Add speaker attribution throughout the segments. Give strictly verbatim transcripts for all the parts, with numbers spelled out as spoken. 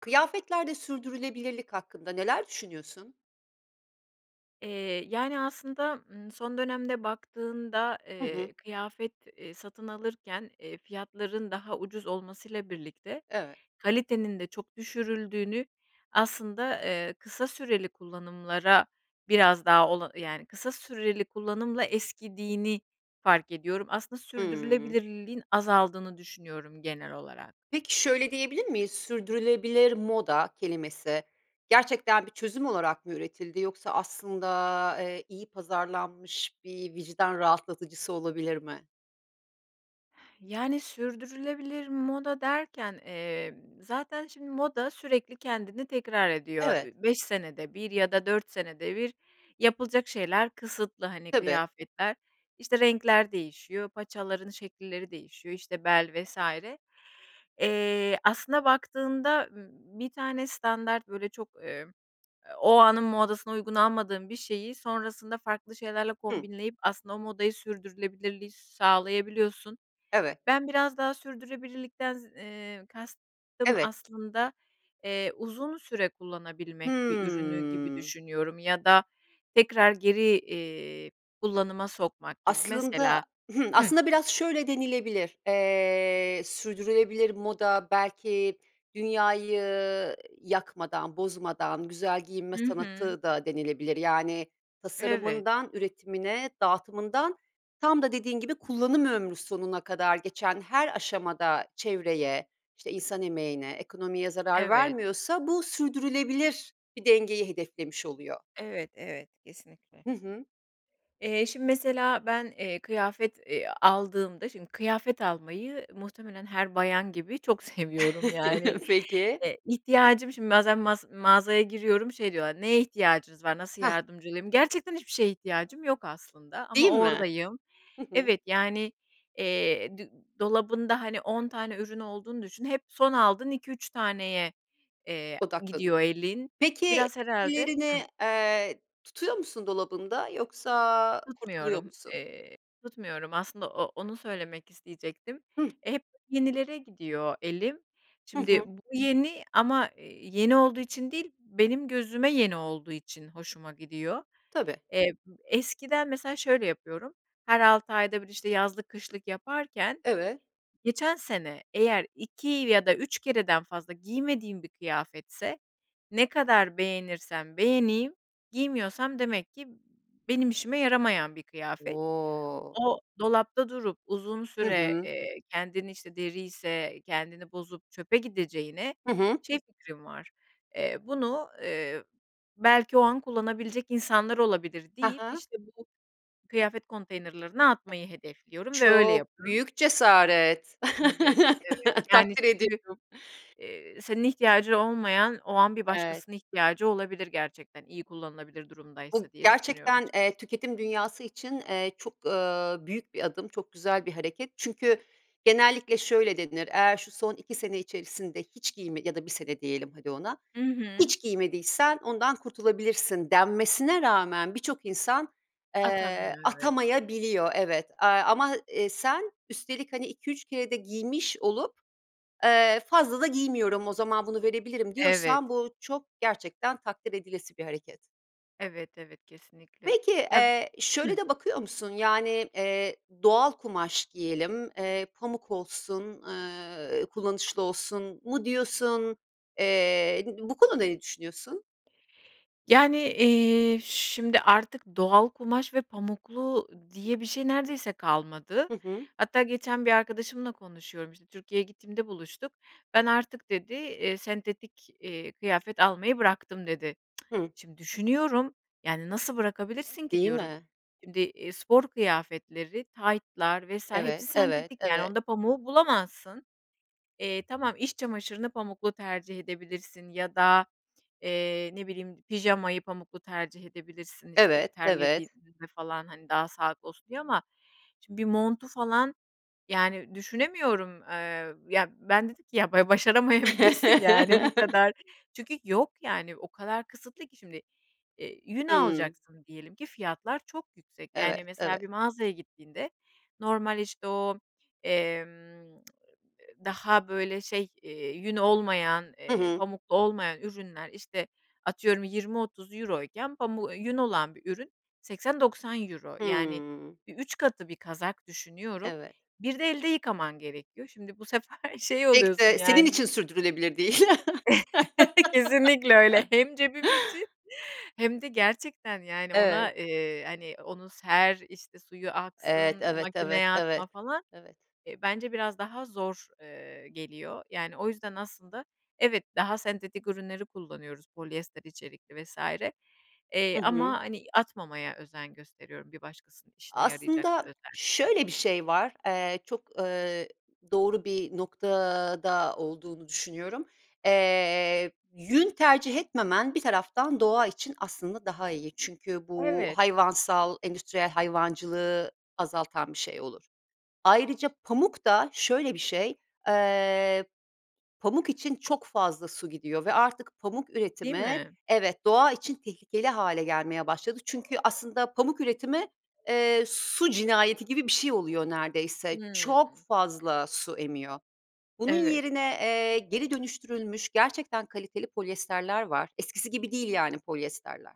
Speaker 1: Kıyafetlerde sürdürülebilirlik hakkında neler düşünüyorsun?
Speaker 2: Eee, yani, aslında, ımm, son dönemde baktığında,
Speaker 1: Hı hı.
Speaker 2: eee, kıyafet, eee, satın alırken, eee, fiyatların daha ucuz olmasıyla birlikte,
Speaker 1: Evet.
Speaker 2: kalitenin de çok düşürüldüğünü aslında, eee, kısa süreli kullanımlara biraz daha, ola yani, kısa süreli kullanımla eskidiğini fark ediyorum. Aslında
Speaker 1: Hıı.
Speaker 2: sürdürülebilirliğin azaldığını düşünüyorum genel olarak.
Speaker 1: Peki, şöyle diyebilir miyiz? "Sürdürülebilir moda" kelimesi gerçekten bir çözüm olarak mı üretildi yoksa aslında, eee, iyi pazarlanmış bir vicdan rahatlatıcısı olabilir mi?
Speaker 2: Yani, sürdürülebilir moda derken, eee, zaten, şimdi, moda sürekli kendini tekrar ediyor.
Speaker 1: Evet.
Speaker 2: Üüü, beş senede bir ya da dört senede bir yapılacak şeyler kısıtlı, hani,
Speaker 1: Tabii.
Speaker 2: kıyafetler, işte, renkler değişiyor, paçaların şekilleri değişiyor, işte, bel vs. Eee, aslında baktığında, ımm, bir tane standart, böyle, çok, emm, o anın modasına uygun almadığım bir şeyi sonrasında farklı şeylerle
Speaker 1: Hı.
Speaker 2: kombinleyip aslında o modayı sürdürülebilirliği sağlayabiliyorsun.
Speaker 1: Evet.
Speaker 2: Ben biraz daha sürdürülebilirlikten z eee, kastım
Speaker 1: Evet.
Speaker 2: aslında, eee, uzun süre kullanabilmek bir ürünü gibi
Speaker 1: Hı.
Speaker 2: düşünüyorum ya da tekrar geri, iii, kullanıma sokmak gibi.
Speaker 1: Aslında
Speaker 2: Mesela,
Speaker 1: Hımm,
Speaker 2: hıh
Speaker 1: aslında biraz şöyle denilebilir. Eee, "sürdürülebilir moda belki dünyayı yakmadan, bozmadan, güzel giyinme
Speaker 2: Hı hı.
Speaker 1: sanatı." da denilebilir. Yani,
Speaker 2: Evet.
Speaker 1: tasarımından, üretimine, dağıtımından, tam da dediğin gibi kullanım ömrü sonuna kadar geçen her aşamada çevreye, işte, insan emeğine, ekonomiye zarar
Speaker 2: Evet.
Speaker 1: vermiyorsa bu sürdürülebilir bir dengeyi hedeflemiş oluyor.
Speaker 2: Evet, evet, kesinlikle.
Speaker 1: Hı hı.
Speaker 2: Eee, şimdi mesela ben, eee, kıyafet, eee, aldığımda, şimdi kıyafet almayı muhtemelen her bayan gibi çok seviyorum yani.
Speaker 1: Peki.
Speaker 2: Eee, ihtiyacım şimdi bazen mas mağazaya giriyorum, şey diyorlar, "Neye ihtiyacınız var, nasıl
Speaker 1: Hah.
Speaker 2: yardımcı olayım?" Gerçekten hiçbir şeye ihtiyacım yok aslında ama
Speaker 1: Değil mi?
Speaker 2: oradayım.
Speaker 1: Hı hı.
Speaker 2: Evet, yani, eee, d dolabında hani on tane ürün olduğunu düşün, hep son aldığın iki üç taneye, eee,
Speaker 1: Odaklanıyor.
Speaker 2: gidiyor elin,
Speaker 1: Peki,
Speaker 2: biraz herhâlde Hı
Speaker 1: diğerini, ııı, tutuyor musun dolabında yoksa kurtuluyor
Speaker 2: Tutmuyorum,
Speaker 1: musun?
Speaker 2: eee, tutmuyorum aslında. O onu söylemek isteyecektim.
Speaker 1: Hıh.
Speaker 2: E, hep yenilere gidiyor elim.
Speaker 1: Hı
Speaker 2: Şimdi
Speaker 1: hı.
Speaker 2: bu yeni ama yeni olduğu için değil, benim gözüme yeni olduğu için hoşuma gidiyor.
Speaker 1: Tabii.
Speaker 2: Eb eskiden mesela şöyle yapıyorum, her altı ayda bir, işte, yazlık, kışlık yaparken
Speaker 1: Evet.
Speaker 2: geçen sene eğer iki ya da üç kereden fazla giymediğim bir kıyafetse, ne kadar beğenirsem beğeneyim giymiyorsam demek ki benim işime yaramayan bir kıyafet.
Speaker 1: O!
Speaker 2: O dolapta durup uzun
Speaker 1: Hı
Speaker 2: süre,
Speaker 1: hı.
Speaker 2: eee, kendini, işte, deriyse kendini bozup çöpe gideceğine
Speaker 1: Hı hı.
Speaker 2: şey fikrim var, eee, bunu, ııı, belki o an kullanabilecek insanlar olabilir
Speaker 1: Ha
Speaker 2: deyip,
Speaker 1: ha.
Speaker 2: işte bu kıyafet konteynerlerine atmayı hedefliyorum ve öyle
Speaker 1: Çok
Speaker 2: yap
Speaker 1: büyük cesaret,
Speaker 2: Evet, evet, yani
Speaker 1: takdir
Speaker 2: [unintelligible]
Speaker 1: ediyorum.
Speaker 2: eee, senin ihtiyacı olmayan, o an bir
Speaker 1: Evet.
Speaker 2: başkasının ihtiyacı olabilir gerçekten, iyi kullanılabilir
Speaker 1: Bu
Speaker 2: durumdaysa diye düşünüyorum
Speaker 1: gerçekten,
Speaker 2: açıkçası.
Speaker 1: eee, tüketim dünyası için, eee, çok, ııı, büyük bir adım, çok güzel bir hareket çünkü genellikle şöyle denir, "Eğer şu son iki sene içerisinde hiç giyme ya da bir sene diyelim hadi ona,
Speaker 2: Hı hı.
Speaker 1: hiç giymediysen ondan kurtulabilirsin." denmesine rağmen birçok insan, eee,
Speaker 2: Atamıyor. Evet.
Speaker 1: atamayabiliyor, evet, eee, ama, eee, sen üstelik hani iki üç kere de giymiş olup, eee, fazla da giymiyorum, o zaman bunu verebilirim
Speaker 2: Evet.
Speaker 1: diyorsan bu çok gerçekten takdir edilesi bir hareket.
Speaker 2: Evet, evet, kesinlikle.
Speaker 1: Peki,
Speaker 2: Ya
Speaker 1: eee, şöyle
Speaker 2: Hı
Speaker 1: de bakıyor musun, yani, eee, "Doğal kumaş giyelim, eee, pamuk olsun, ııı, kullanışlı olsun" mu diyorsun? Eee, b bu konuda ne düşünüyorsun?
Speaker 2: Yani, eee, şimdi, artık doğal kumaş ve pamuklu diye bir şey neredeyse kalmadı.
Speaker 1: Hı hı.
Speaker 2: Hatta geçen bir arkadaşımla konuşuyorum, işte, Türkiye’ye gittiğimde buluştuk. "Ben artık," dedi, eee, "sentetik, eee, kıyafet almayı bıraktım." dedi.
Speaker 1: Hı
Speaker 2: Şimdi düşünüyorum, yani nasıl bırakabilirsin ki
Speaker 1: Değil
Speaker 2: diyorum.
Speaker 1: mi?
Speaker 2: Şimdi, iii, spor kıyafetleri, taytlar vs.
Speaker 1: Evet,
Speaker 2: hepsi
Speaker 1: evet,
Speaker 2: sentetik yani
Speaker 1: evet.
Speaker 2: onda pamuğu bulamazsın. Eee, tamam, iç çamaşırını pamuklu tercih edebilirsin ya da, eee, ne bileyim, pijamayı pamuklu tercih edebilirsin, işte,
Speaker 1: Evet, evet.
Speaker 2: terlediğimizde falan, hani, daha sağlıklı olsun diye ama şimdi bir montu falan yani düşünemiyorum. Iıı, ya ben, dedim ki, "Ya ba başaramayabilirsin yani bu kadar." Çünkü yok, yani, o kadar kısıtlı ki şimdi, eee, yün
Speaker 1: Hımm.
Speaker 2: alacaksın diyelim ki fiyatlar çok yüksek.
Speaker 1: Evet,
Speaker 2: Yani, mesela bir
Speaker 1: evet.
Speaker 2: mağazaya gittiğinde normal işte o, emm, daha böyle şey, eee, yün olmayan,
Speaker 1: Hı
Speaker 2: eee,
Speaker 1: hı.
Speaker 2: pamuklu olmayan ürünler, işte, atıyorum, yirmi otuz euro iken pamu ııı, yün olan bir ürün seksen doksan euro, yani
Speaker 1: Hımm.
Speaker 2: bir üç katı. Bir kazak düşünüyorum,
Speaker 1: Evet.
Speaker 2: bir de elde yıkaman gerekiyor. Şimdi bu sefer şey
Speaker 1: Pek
Speaker 2: oluyorsun
Speaker 1: de senin
Speaker 2: yani
Speaker 1: için sürdürülebilir değil.
Speaker 2: kesinlikle öyle. Hem cebim için hem de gerçekten yani
Speaker 1: Evet.
Speaker 2: ona, eee, hani onu ser, işte suyu
Speaker 1: Evet,
Speaker 2: aksın,
Speaker 1: evet, evet,
Speaker 2: makineye
Speaker 1: evet,
Speaker 2: atma falan,
Speaker 1: evet.
Speaker 2: eee, bence biraz daha zor, ııı, geliyor. Yani, o yüzden aslında evet, daha sentetik ürünleri kullanıyoruz, polyester içerikli vs. Eee,
Speaker 1: Hı hı.
Speaker 2: ama, hani, atmamaya özen gösteriyorum. Bir başkasının işine yarayacak
Speaker 1: Aslında
Speaker 2: özellikle.
Speaker 1: şöyle bir şey var. Eee, çok, ııı, doğru bir noktada olduğunu düşünüyorum. Eee, yün tercih etmemen bir taraftan doğa için aslında daha iyi çünkü bu
Speaker 2: Evet.
Speaker 1: hayvansal endüstriyel hayvancılığı azaltan bir şey olur. Ayrıca pamuk da şöyle bir şey, eee, pamuk için çok fazla su gidiyor ve artık pamuk
Speaker 2: Değil
Speaker 1: üretimi
Speaker 2: mi?
Speaker 1: evet, doğa için tehlikeli hâle gelmeye başladı çünkü aslında pamuk üretimi, eee, su cinayeti gibi bir şey oluyor neredeyse. Çok
Speaker 2: Hımm.
Speaker 1: fazla su emiyor. Bunun
Speaker 2: Evet.
Speaker 1: yerine, eee, geri dönüştürülmüş gerçekten kaliteli polyesterler var, eskisi gibi değil yani polyesterler.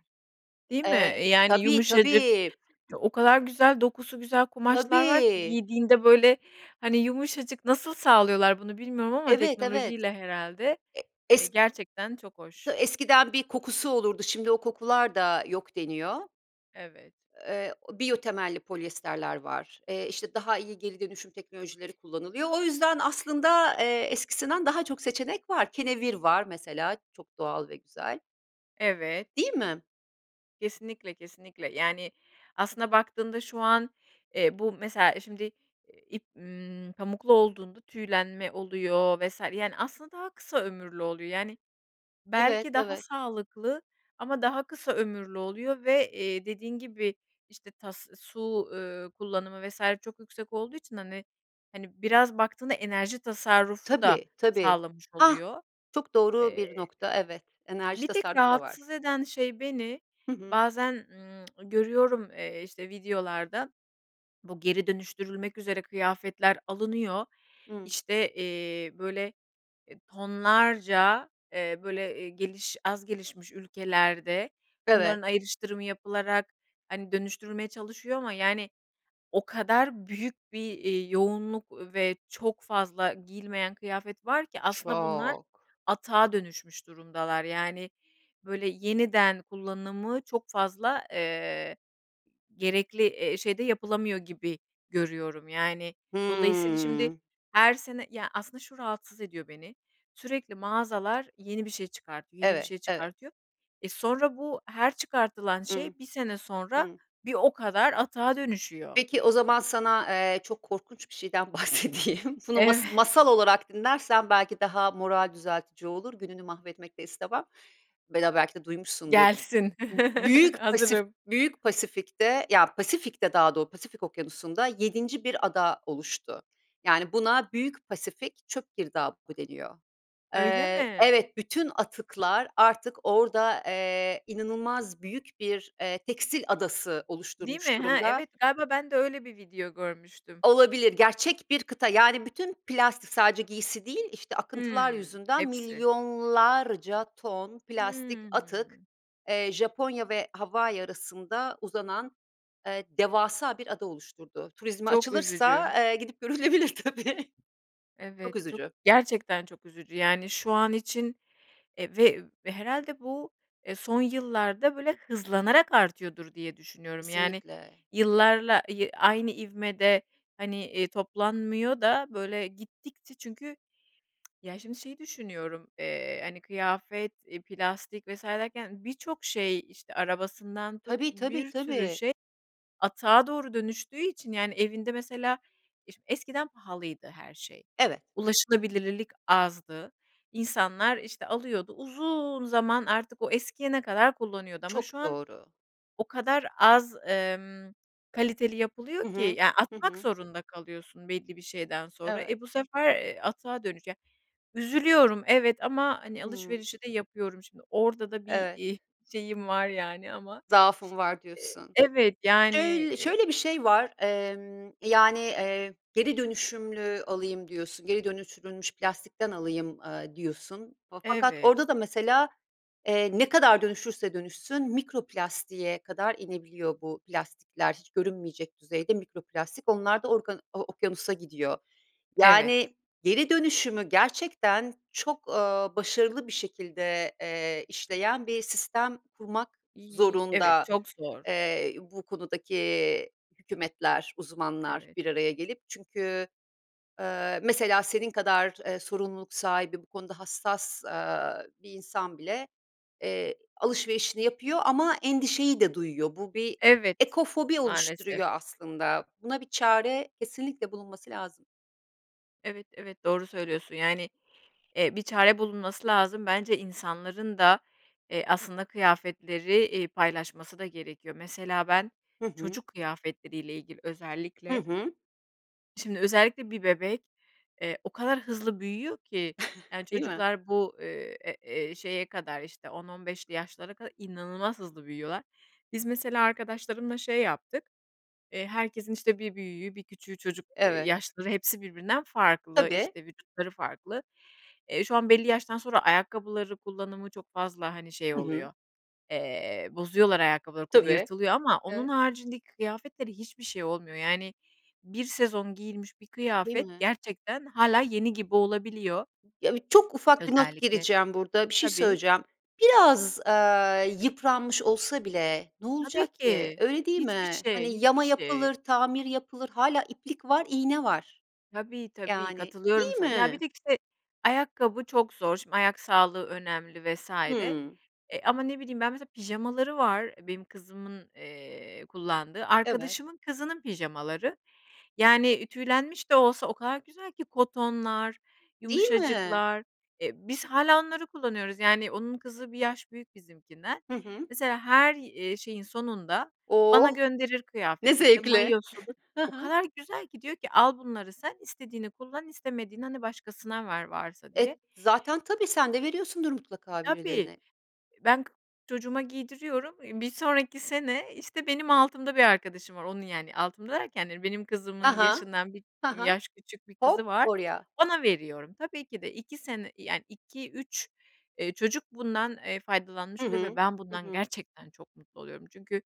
Speaker 2: Değil mi?
Speaker 1: Eee,
Speaker 2: Eee, yani
Speaker 1: tabii,
Speaker 2: yumuşacık,
Speaker 1: tabii.
Speaker 2: o kadar güzel dokusu güzel kumaşlar var ki
Speaker 1: Tabii.
Speaker 2: giydiğinde, böyle, hani, yumuşacık nasıl sağlıyorlar bunu bilmiyorum ama
Speaker 1: Evet, evet.
Speaker 2: teknolojiyle herhâlde,
Speaker 1: E
Speaker 2: eee,
Speaker 1: es
Speaker 2: gerçekten çok
Speaker 1: t
Speaker 2: hoş.
Speaker 1: eskiden bir kokusu olurdu şimdi o kokular da yok deniyor.
Speaker 2: Evet.
Speaker 1: Eee, biyo temelli polyester var, eee, işte daha iyi geri dönüşüm teknolojileri kullanılıyor. O yüzden aslında, eee, eskisinden daha çok seçenek var, kenevir var mesela, çok doğal ve güzel,
Speaker 2: Evet.
Speaker 1: Değil mi?
Speaker 2: Kesinlikle, kesinlikle. Yani, aslında baktığında şu an, eee, bu mesela şimdi, eee, ip, ımm, pamuklu olduğunda tüylenme oluyor vs. yani, aslında daha kısa ömürlü oluyor. Yani
Speaker 1: Evet,
Speaker 2: belki daha
Speaker 1: evet.
Speaker 2: sağlıklı ama daha kısa ömürlü oluyor ve, eee, dediğin gibi işte, tas, su, ııı, kullanımı vs. çok yüksek olduğu için, hani, hani, biraz baktığında enerji tasarrufu da
Speaker 1: Tabii, tabii.
Speaker 2: sağlamış
Speaker 1: Hah,
Speaker 2: oluyor.
Speaker 1: çok doğru
Speaker 2: Eee,
Speaker 1: bir nokta, evet. Enerji
Speaker 2: bir tek
Speaker 1: tasarrufu da var.
Speaker 2: rahatsız eden şey beni,
Speaker 1: Hı hı.
Speaker 2: bazen, ımm, görüyorum, eee, işte videolarda, bu geri dönüştürülmek üzere kıyafetler alınıyor,
Speaker 1: Hıı.
Speaker 2: işte, eee, böyle, e, tonlarca, eee, böyle, eee, geliş az gelişmiş ülkelerde
Speaker 1: Evet.
Speaker 2: bunların ayrıştırımı yapılarak, hani, dönüştürülmeye çalışıyor ama yani, o kadar büyük bir, eee, yoğunluk ve çok fazla giyilmeyen kıyafet var ki aslında bunlar
Speaker 1: Çok.
Speaker 2: atığa dönüşmüş durumdalar. Yani, böyle yeniden kullanımı çok fazla, eee, gerekli, eee, şeyde yapılamıyor gibi görüyorum yani. Dolayısıyla şimdi
Speaker 1: Hıı.
Speaker 2: her sene Ya aslında şu rahatsız ediyor beni, sürekli mağazalar yeni bir şey çıkartıyor, yeni bir
Speaker 1: Evet,
Speaker 2: şey
Speaker 1: evet.
Speaker 2: çıkartıyor. E, sonra bu her çıkartılan
Speaker 1: I hı.
Speaker 2: şey bir sene sonra
Speaker 1: Hıı.
Speaker 2: bir o kadar atığa dönüşüyor.
Speaker 1: Peki, o zaman sana, eee, çok korkunç bir şeyden bahsedeyim. Bunu
Speaker 2: Evet.
Speaker 1: mas masal olarak dinlersen belki daha moral düzeltici olur, gününü mahvetmek de istemem [unintelligible] belki de duymuşsundur.
Speaker 2: Gelsin.
Speaker 1: B Büyük Pasif
Speaker 2: Hazırım.
Speaker 1: Büyük Pasifik'te, ya Pasifik'te daha do Pasifik Okyanusu'nda yedinci bir ada oluştu. Yani, buna Büyük Pasifik çöp girdabı deniyor.
Speaker 2: Öyle
Speaker 1: Eee,
Speaker 2: mi?
Speaker 1: evet, bütün atıklar artık orada, eee, inanılmaz büyük bir, eee, tekstil adası
Speaker 2: Değil
Speaker 1: oluşturmuş
Speaker 2: mi? Ha,
Speaker 1: durumda.
Speaker 2: evet, galiba ben de öyle bir video görmüştüm.
Speaker 1: Olabilir. Gerçek bir kıta, yani, bütün plastik sadece giysi değil, işte, akıntılar
Speaker 2: Hımm,
Speaker 1: yüzünden
Speaker 2: hepsi.
Speaker 1: milyonlarca ton plastik atık,
Speaker 2: Hımm.
Speaker 1: eee, Japonya ve Hawaii arasında uzanan, eee, devasa bir ada oluşturdu. Turizme
Speaker 2: Çok üzücü.
Speaker 1: açılırsa, eee, gidip görülebilir tabii. Çok
Speaker 2: Evet, çok
Speaker 1: üzücü.
Speaker 2: gerçekten çok üzücü. Yani, şu an için, eee, ve herhâlde bu, eee, son yıllarda böyle hızlanarak artıyordur diye düşünüyorum. Yani,
Speaker 1: Kesinlikle!
Speaker 2: yıllarla, ııı, aynı ivmede hani, eee, toplanmıyor da böyle gittikçe çünkü ya şimdi şey düşünüyorum, eee, hani kıyafet, iii, plastik vs. derken birçok şey, işte, arabasından tut,
Speaker 1: Tabii, tabii,
Speaker 2: bir sürü
Speaker 1: tabii.
Speaker 2: şey atığa doğru dönüştüğü için yani evinde mesela iş eskiden pahalıydı her şey,
Speaker 1: Evet.
Speaker 2: ulaşılabilirlilik azdı, insanlar, işte, alıyordu uzun zaman artık o eskiyene kadar kullanıyordu ama şu
Speaker 1: Çok
Speaker 2: an
Speaker 1: doğru.
Speaker 2: o kadar az, emm, kaliteli yapılıyor
Speaker 1: Hı
Speaker 2: ki
Speaker 1: hı.
Speaker 2: ya,
Speaker 1: Hı
Speaker 2: atmak
Speaker 1: hı.
Speaker 2: zorunda kalıyorsun belli bir şeyden sonra.
Speaker 1: Evet.
Speaker 2: E, bu sefer, ııı, atığa dönüce üzülüyorum evet ama, hani,
Speaker 1: Hıı.
Speaker 2: alışverişi de yapıyorum şimdi, orada da bir,
Speaker 1: Evet.
Speaker 2: iii, şeyim var yani ama
Speaker 1: Zaafım var diyorsun.
Speaker 2: Evet, yani
Speaker 1: Öy
Speaker 2: eee
Speaker 1: şöyle bir şey var, emm, yani, eee, geri dönüşümlü alayım diyorsun, geri dönüştürülmüş plastikten alayım, eee, diyorsun fakat
Speaker 2: Evet.
Speaker 1: orada da mesela, eee, ne kadar dönüşürse dönüşsün mikro plastiğe kadar inebiliyor bu plastikler, hiç görünmeyecek düzeyde, mikro plastik onlar da organ o okyanusa gidiyor.
Speaker 2: Evet.
Speaker 1: Yani, geri dönüşümü gerçekten çok, ııı, başarılı bir şekilde, eee, işleyen bir sistem kurmak
Speaker 2: İii, evet
Speaker 1: zorunda,
Speaker 2: çok zor.
Speaker 1: eee, bu konudaki hükümetler, uzmanlar
Speaker 2: Evet.
Speaker 1: bir araya gelip çünkü, eee, mesela senin kadar, eee, sorumluluk sahibi bu konuda hassas, aaa, bir insan bile, eee, alışverişini yapıyor ama endişeyi de duyuyor. Bu bir
Speaker 2: Evet,
Speaker 1: ekofobi
Speaker 2: maalesef.
Speaker 1: oluşturuyor aslında. Buna bir çare kesinlikle bulunması lazım.
Speaker 2: Evet, evet, doğru söylüyorsun, yani, eee, bir çare bulunması lazım, bence insanların da, iii, aslında kıyafetleri, iii, paylaşması da gerekiyor. Mesela ben
Speaker 1: Hı hı.
Speaker 2: çocuk kıyafetleriyle ilgili
Speaker 1: Hı
Speaker 2: özellikle,
Speaker 1: hı.
Speaker 2: şimdi özellikle bir bebek, eee, o kadar hızlı büyüyor ki, yani,
Speaker 1: Değil mi?
Speaker 2: çocuklar bu, eee, eee, eee, şeye kadar, işte, on on beşli yaşlılara kadar inanılmaz hızlı büyüyorlar. Biz mesela arkadaşlarımla şey yaptık, ııı, herkesin, işte, bir büyüğü, bir küçüğü çocuk
Speaker 1: Evet.
Speaker 2: yaşları hepsi birbirinden farklı,
Speaker 1: Tabii.
Speaker 2: işte, vücutları farklı. Eee, şu an belli yaştan sonra ayakkabıları kullanımı çok fazla, hani, şey
Speaker 1: Hı hı.
Speaker 2: oluyor, eee, bozuyorlar ayakkabıları, [unintelligible]
Speaker 1: Tabii.
Speaker 2: yırtılıyor ama onun
Speaker 1: E
Speaker 2: haricindeki kıyafetlere hiçbir şey olmuyor, yani, bir sezon giyilmiş bir
Speaker 1: Değil
Speaker 2: kıyafet
Speaker 1: mi?
Speaker 2: gerçekten hâlâ yeni gibi olabiliyor.
Speaker 1: Ya, iii, çok ufak bir not
Speaker 2: Özellikle
Speaker 1: gireceğim burada, bir şey
Speaker 2: Tabii.
Speaker 1: söyleyeceğim. Biraz, aaa, yıpranmış olsa bile, ne
Speaker 2: Tabii
Speaker 1: olacak ki?
Speaker 2: ki,
Speaker 1: Öyle değil
Speaker 2: hiçbir
Speaker 1: mi? Hani,
Speaker 2: şey, hiçbir
Speaker 1: yama
Speaker 2: şey.
Speaker 1: yapılır, tamir yapılır. Hâlâ iplik var, iğne var.
Speaker 2: Tabii, tabii,
Speaker 1: Yani, değil
Speaker 2: katılıyorum sana. Ya, bir
Speaker 1: mi?
Speaker 2: de, işte, ayakkabı çok zor, şimdi, ayak sağlığı önemli vs.
Speaker 1: Hı.
Speaker 2: eee, ama ne bileyim ben mesela pijamaları var benim kızımın, ııı, kullandığı,
Speaker 1: Evet.
Speaker 2: arkadaşımın kızının pijamaları, yani, tüylenmiş de olsa o kadar güzel ki, kotonlar,
Speaker 1: Değil mi?
Speaker 2: yumuşacıklar, eee, biz hâlâ onları kullanıyoruz, yani, onun kızı bir yaş büyük bizimkinden.
Speaker 1: Hı hı.
Speaker 2: Mesela her, iii, şeyin sonunda bana
Speaker 1: Oh!
Speaker 2: gönderir
Speaker 1: Ne
Speaker 2: kıyafetleri, işte,
Speaker 1: zevkli.
Speaker 2: mayosudur,
Speaker 1: Hı
Speaker 2: o
Speaker 1: hı.
Speaker 2: kadar güzel ki, diyor ki, "Al bunları sen, istediğini kullan istemediğini, hani, başkasına ver, varsa." diye.
Speaker 1: E, zaten tabii, sen de veriyorsundur mutlaka
Speaker 2: Tabii,
Speaker 1: birilerine.
Speaker 2: ben k çocuğuma giydiriyorum, eee, bir sonraki, sene, işte, benim altımda bir arkadaşım var, onun, yani, altımda derken yani benim
Speaker 1: Ha
Speaker 2: kızımın
Speaker 1: ha.
Speaker 2: yaşından bir
Speaker 1: Ha ha.
Speaker 2: yaş küçük bir kızı
Speaker 1: Hop
Speaker 2: var,
Speaker 1: oraya.
Speaker 2: ona veriyorum. Tabii ki de iki sene, yani, iki üç, ııı, çocuk bundan, eee, faydalanmış
Speaker 1: Hı
Speaker 2: oluyor ve ben bundan
Speaker 1: hı.
Speaker 2: gerçekten çok mutlu oluyorum. Çünkü,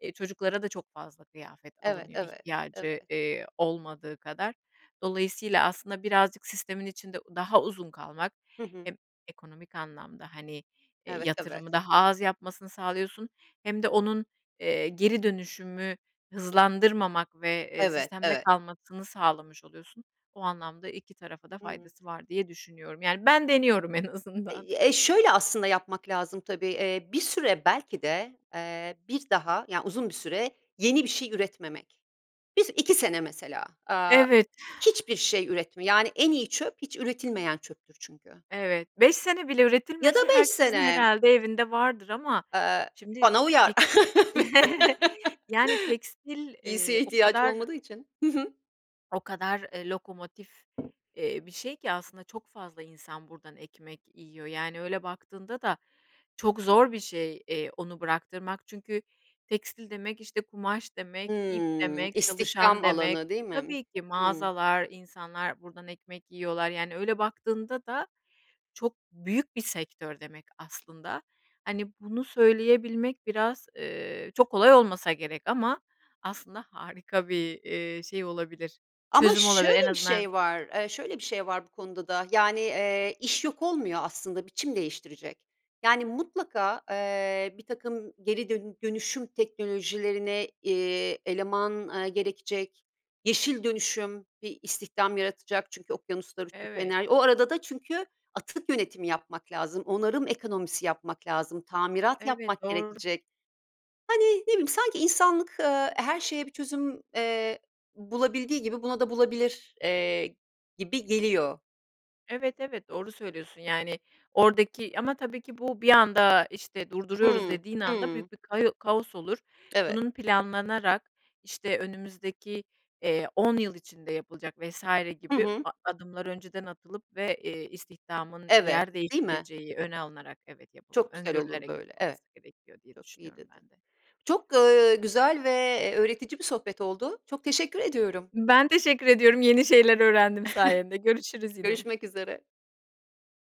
Speaker 2: eee, çocuklara da çok fazla kıyafet
Speaker 1: Evet,
Speaker 2: alınıyor
Speaker 1: evet, evet.
Speaker 2: ihtiyacı, eee, olmadığı kadar. Dolayısıyla aslında birazcık sistemin içinde daha uzun kalmak
Speaker 1: Hı hı.
Speaker 2: hem ekonomik anlamda, hani, eee,
Speaker 1: Evet, evet.
Speaker 2: yatırımı daha az yapmasını sağlıyorsun hem de onun, eee, geri dönüşümü hızlandırmamak ve, eee,
Speaker 1: Evet,
Speaker 2: sistemde
Speaker 1: evet.
Speaker 2: kalmasını sağlamış oluyorsun. O anlamda iki tarafa da
Speaker 1: Hı.
Speaker 2: faydası var diye düşünüyorum. Yani, ben deniyorum en azından.
Speaker 1: Eee, ye şöyle aslında yapmak lazım, tabii. Eee, bir süre belki de, eee, bir daha, yani, uzun bir süre yeni bir şey üretmemek. bir iki sene mesela, aaa,
Speaker 2: Evet.
Speaker 1: hiçbir şey üretme, yani, en iyi çöp hiç üretilmeyen çöptür çünkü.
Speaker 2: Evet, beş sene bile
Speaker 1: Ya da
Speaker 2: üretilmese
Speaker 1: beş
Speaker 2: herkesin
Speaker 1: sene.
Speaker 2: herhâlde evinde vardır ama,
Speaker 1: Eee,
Speaker 2: şimdi,
Speaker 1: bana uyar.
Speaker 2: teks yani, tekstil,
Speaker 1: Giysiye
Speaker 2: ııı, o
Speaker 1: ihtiyacım
Speaker 2: kadar,
Speaker 1: olmadığı için. Hı hı.
Speaker 2: o kadar, ııı, lokomotif, ııı, bir şey ki aslında çok fazla insan buradan ekmek yiyor. Yani, öyle baktığında da çok zor bir şey, eee, onu bıraktırmak. Çünkü tekstil demek, işte, kumaş
Speaker 1: Hı,
Speaker 2: demek, ip demek, çalışan
Speaker 1: istihdam
Speaker 2: demek
Speaker 1: alanı değil mi?
Speaker 2: tabii ki
Speaker 1: Hı.
Speaker 2: mağazalar, insanlar buradan ekmek yiyorlar, yani, öyle baktığında da çok büyük bir sektör demek aslında. Hani, bunu söyleyebilmek biraz, ııı, çok kolay olmasa gerek ama aslında harika bir, ııı, şey olabilir,
Speaker 1: Ama
Speaker 2: çözüm olabilir en
Speaker 1: şöyle bir
Speaker 2: azından
Speaker 1: şey var, eee, şöyle bir şey var bu konuda da, yani, ııı, iş yok olmuyor aslında biçim değiştirecek. Yani, mutlaka, ııı, birtakım geri dön dönüşüm teknolojilerine, eee, eleman, ııı, gerekecek, yeşil dönüşüm bir istihdam yaratacak çünkü okyanuslara
Speaker 2: Evet.
Speaker 1: [unintelligible] O arada da çünkü atık yönetimi yapmak lazım, onarım ekonomisi yapmak lazım, tamirat
Speaker 2: Evet,
Speaker 1: yapmak
Speaker 2: doğru.
Speaker 1: gerekecek. Hani, ne bileyim sanki insanlık, ııı, her şeye bir çözüm, eee, bulabildiği gibi buna da bulabilir, eee, gibi geliyor.
Speaker 2: Evet, evet, doğru söylüyorsun, yani, oradaki ama tabii ki bu bir anda, işte, durduruyoruz
Speaker 1: Hı.
Speaker 2: dediğin anda
Speaker 1: Hı.
Speaker 2: büyük bir kao kaos olur,
Speaker 1: Evet.
Speaker 2: bunun planlanarak, işte, önümüzdeki, ııı, on yıl içinde yapılacak vs.
Speaker 1: Hı
Speaker 2: gibi
Speaker 1: hı.
Speaker 2: a adımları önceden atılıp ve, iii, istihdamın
Speaker 1: Evet,
Speaker 2: yer
Speaker 1: değil mi?
Speaker 2: değiştireceği, öne alınarak, evet yapılmalı,
Speaker 1: Çok güzel olur
Speaker 2: öngörülerek
Speaker 1: böyle, evet,
Speaker 2: yapılması gerekiyor diye
Speaker 1: çok iyi
Speaker 2: düşünüyorum
Speaker 1: dedin.
Speaker 2: ben de.
Speaker 1: Çok, ııı, güzel ve, eee, öğretici bir sohbet oldu, çok teşekkür ediyorum.
Speaker 2: Ben teşekkür ediyorum, yeni şeyler öğrendim sayende, görüşürüz yine.
Speaker 1: Görüşmek üzere.